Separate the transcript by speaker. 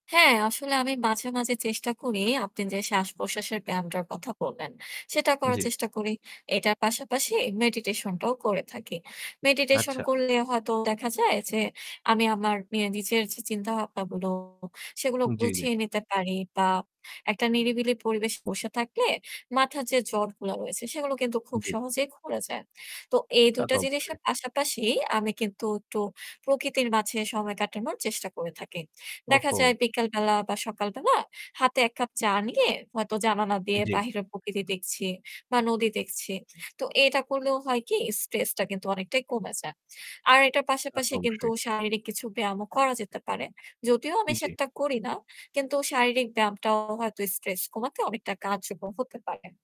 Speaker 1: হ্যাঁ আসলে আমি মাঝে, মাঝে চেষ্টা করি। আপনি যে শ্বাসপ্রশ্বাসের ব্যায়ামটার কথা বললেন সেটা করার
Speaker 2: জি।
Speaker 1: চেষ্টা করি। এটার পাশাপাশি meditation টাও করে থাকি। Meditation
Speaker 2: আচ্ছা।
Speaker 1: করলে হয়তো দেখা যায় যে আমি আমার মে নিজের যে চিন্তাভাবনাগুলো সেগুলো
Speaker 2: জি, জি।
Speaker 1: গুছিয়ে নিতে পারি। বা একটা নিরিবিলি পরিবেশে বসে থাকলে মাথার যে জটগুলা রয়েছে, সেগুলো কিন্তু খুব
Speaker 2: জি।
Speaker 1: সহজেই খুলে যায়। তো এই
Speaker 2: তা
Speaker 1: ২
Speaker 2: তো
Speaker 1: টা
Speaker 2: অবশ্যই।
Speaker 1: জিনিসের পাশাপাশি আমি কিন্তু একটু প্রকৃতির মাঝে সময় কাটানোর চেষ্টা করে থাকি। দেখা
Speaker 2: ওহহো!
Speaker 1: যায় বিকালবেলা বা সকালবেলা হাতে ১ কাপ চা নিয়ে হয়তো জানালা দিয়ে
Speaker 2: জি।
Speaker 1: বাহিরের প্রকৃতি দেখছি বা নদী দেখছি। তো এটা করলেও হয় কি? stress টা কিন্তু অনেকটাই কমে যায়। আর এটার
Speaker 2: তা তো
Speaker 1: পাশাপাশি কিন্তু
Speaker 2: অবশ্যই।
Speaker 1: শারীরিক কিছু ব্যায়ামও করা যেতে পারে। যদিও আমি
Speaker 2: জি।
Speaker 1: সেটা করি না, কিন্তু শারীরিক ব্যায়ামটাও হয়তো stress কমাতে অনেকটা কার্যকর হতে পারে।